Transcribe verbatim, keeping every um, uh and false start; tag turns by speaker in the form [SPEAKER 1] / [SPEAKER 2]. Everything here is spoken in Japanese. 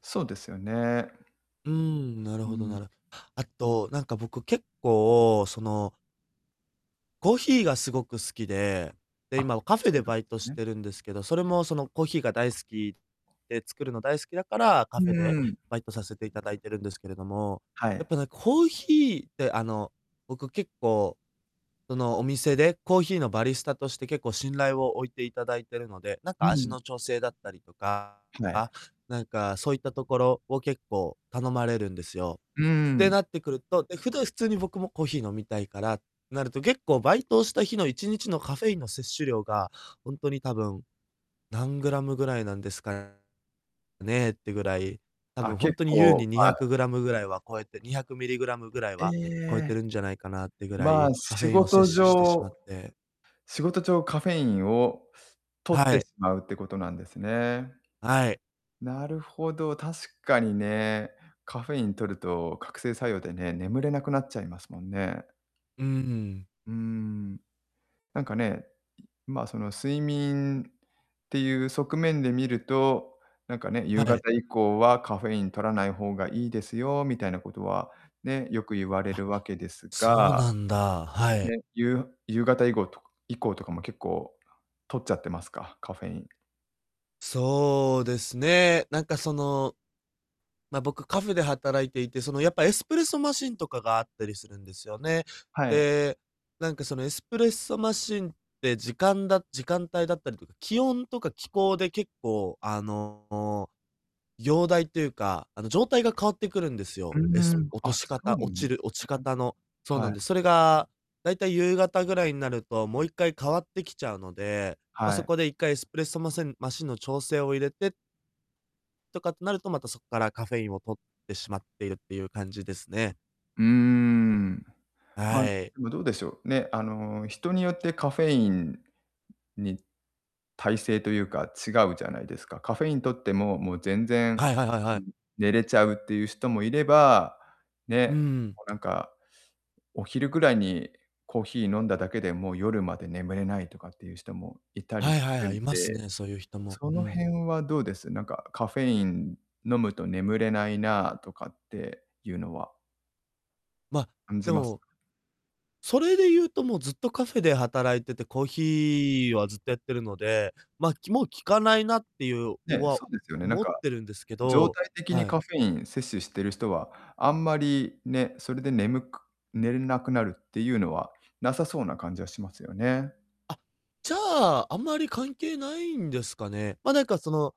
[SPEAKER 1] そうですよね。
[SPEAKER 2] うーん、なる
[SPEAKER 1] う
[SPEAKER 2] ほど、な
[SPEAKER 1] ん。
[SPEAKER 2] るあと、なんか、僕、結構そのコーヒーがすごく好きで、で、
[SPEAKER 1] あ、
[SPEAKER 2] 今はカフェ
[SPEAKER 1] そう
[SPEAKER 2] で
[SPEAKER 1] なんで
[SPEAKER 2] バイト
[SPEAKER 1] す
[SPEAKER 2] し
[SPEAKER 1] ね。
[SPEAKER 2] てるんですけど、それも、その、コーヒーが大好きで、作るの大好きだから、
[SPEAKER 1] う
[SPEAKER 2] カフェで
[SPEAKER 1] ーん。
[SPEAKER 2] バイトさせていただいてるんですけれども。
[SPEAKER 1] は
[SPEAKER 2] やっ
[SPEAKER 1] い。
[SPEAKER 2] ぱね、コーヒーって、あの、僕、結構、その、お店でコーヒーのバリスタとして、結構、信頼を置いていただいてるので、なんか、
[SPEAKER 1] う
[SPEAKER 2] 味
[SPEAKER 1] ん。
[SPEAKER 2] の調整だったりとか、
[SPEAKER 1] は
[SPEAKER 2] あ、
[SPEAKER 1] い。
[SPEAKER 2] なんか、そういったところを結構頼まれるんですよ。
[SPEAKER 1] うー
[SPEAKER 2] て
[SPEAKER 1] ん。
[SPEAKER 2] なってくるとで、ふだ、普通に、僕もコーヒー飲みたいからなると、結構バイトをした日のいちにちのカフェインの摂取量が、ほんとに多分、何グラムぐらいなんですかねってぐらい、多
[SPEAKER 1] あ、
[SPEAKER 2] 分、ほん
[SPEAKER 1] 結
[SPEAKER 2] とに、優
[SPEAKER 1] 構、
[SPEAKER 2] に、にひゃ
[SPEAKER 1] ま
[SPEAKER 2] くグラムぐらいは超えてにひゃくミリグラムぐらい
[SPEAKER 1] え
[SPEAKER 2] は超えて
[SPEAKER 1] え、
[SPEAKER 2] るんじゃないかなってぐら
[SPEAKER 1] ま
[SPEAKER 2] い、
[SPEAKER 1] あ、
[SPEAKER 2] カフ
[SPEAKER 1] 仕
[SPEAKER 2] ェインを
[SPEAKER 1] 事
[SPEAKER 2] 摂取してしま
[SPEAKER 1] 上
[SPEAKER 2] って
[SPEAKER 1] 仕事上、カフェインを摂っ
[SPEAKER 2] は
[SPEAKER 1] て
[SPEAKER 2] い。
[SPEAKER 1] しまうってことなんですね。
[SPEAKER 2] はい。
[SPEAKER 1] なるほど、確かにね、カフェイン摂ると覚醒作用でね、眠れなくなっちゃいますもんね。
[SPEAKER 2] うんうん。
[SPEAKER 1] うーん。なんかね、うん、まあ、その、睡眠っていう側面で見ると、なんかね、
[SPEAKER 2] は
[SPEAKER 1] 夕
[SPEAKER 2] い。
[SPEAKER 1] 方以降はカフェイン摂らない方がいいですよみたいなことは、ね、よく言われ
[SPEAKER 2] あ、
[SPEAKER 1] るわけです
[SPEAKER 2] そう
[SPEAKER 1] が、
[SPEAKER 2] なんだ、はい。
[SPEAKER 1] ね、ゆう夕方以後とか以降とかも結構、摂っちゃってますか？カフェイン。
[SPEAKER 2] そうですね、なんか、その、ま、僕、カフェで働いていて、その、やっぱエスプレッソマシンとかがあったりするんですよね。
[SPEAKER 1] はい。
[SPEAKER 2] で、なんか、そのエスプレッソマシンって、時間だ時間帯だったりと気温とか気候で結構あの、容体というか、あの、状態が変わってくるんです
[SPEAKER 1] う
[SPEAKER 2] よ。
[SPEAKER 1] ん
[SPEAKER 2] エ
[SPEAKER 1] う
[SPEAKER 2] ス
[SPEAKER 1] ん、
[SPEAKER 2] 落と
[SPEAKER 1] あ、
[SPEAKER 2] し
[SPEAKER 1] そう
[SPEAKER 2] 方
[SPEAKER 1] な
[SPEAKER 2] 落
[SPEAKER 1] ん
[SPEAKER 2] ち
[SPEAKER 1] す
[SPEAKER 2] る落ち
[SPEAKER 1] ね。
[SPEAKER 2] 方のそうな
[SPEAKER 1] は
[SPEAKER 2] ん
[SPEAKER 1] い。
[SPEAKER 2] で、それが大体夕方ぐらいになると、もう一回変わってきちゃうので、ま、
[SPEAKER 1] は
[SPEAKER 2] そ
[SPEAKER 1] い。
[SPEAKER 2] こで一回エスプレッソマセンマシンの調整を入れてとかってなると、また、そっからカフェインを摂ってしまっているっていう感じですね。
[SPEAKER 1] うーん。ま、で
[SPEAKER 2] はい。
[SPEAKER 1] も、どうでしょう、ね、あの、人によってカフェインに耐性というか、違うじゃないですか。カフェイン摂っても、もう全然、
[SPEAKER 2] はいはいはいは
[SPEAKER 1] うう
[SPEAKER 2] い。
[SPEAKER 1] ん、寝れちゃうっていう人もいれば、
[SPEAKER 2] う
[SPEAKER 1] ね、
[SPEAKER 2] ん。
[SPEAKER 1] もうなんか、お昼ぐらいにコーヒー飲んだだけで、もう夜まで眠れないとかっていう人もいたり
[SPEAKER 2] はい
[SPEAKER 1] す
[SPEAKER 2] はい
[SPEAKER 1] る
[SPEAKER 2] はい、
[SPEAKER 1] ん
[SPEAKER 2] います
[SPEAKER 1] で、
[SPEAKER 2] ね、そういう人も、
[SPEAKER 1] そ
[SPEAKER 2] う
[SPEAKER 1] の
[SPEAKER 2] ん。
[SPEAKER 1] 辺はどうです？なんかカフェイン飲むと眠れないなとかっていうのは。
[SPEAKER 2] ま、
[SPEAKER 1] 感じ
[SPEAKER 2] で
[SPEAKER 1] ます。
[SPEAKER 2] も、それで言うと、もうずっとカフェで働いてて、コーヒーはずっとやってるので、ま、きもう効かないなっていう、を
[SPEAKER 1] ね、
[SPEAKER 2] は、
[SPEAKER 1] そうですよね。なん
[SPEAKER 2] 思っ
[SPEAKER 1] か、
[SPEAKER 2] てるんですけ
[SPEAKER 1] 常
[SPEAKER 2] ど、
[SPEAKER 1] 態的に
[SPEAKER 2] はい。
[SPEAKER 1] カフェイン摂取してる人は、あんまりね、それで眠く寝れなくなるっていうのはなさそうな感じはしますよね。
[SPEAKER 2] あ、じゃあ、あんまり関係ないんですかね。ま、なんか、その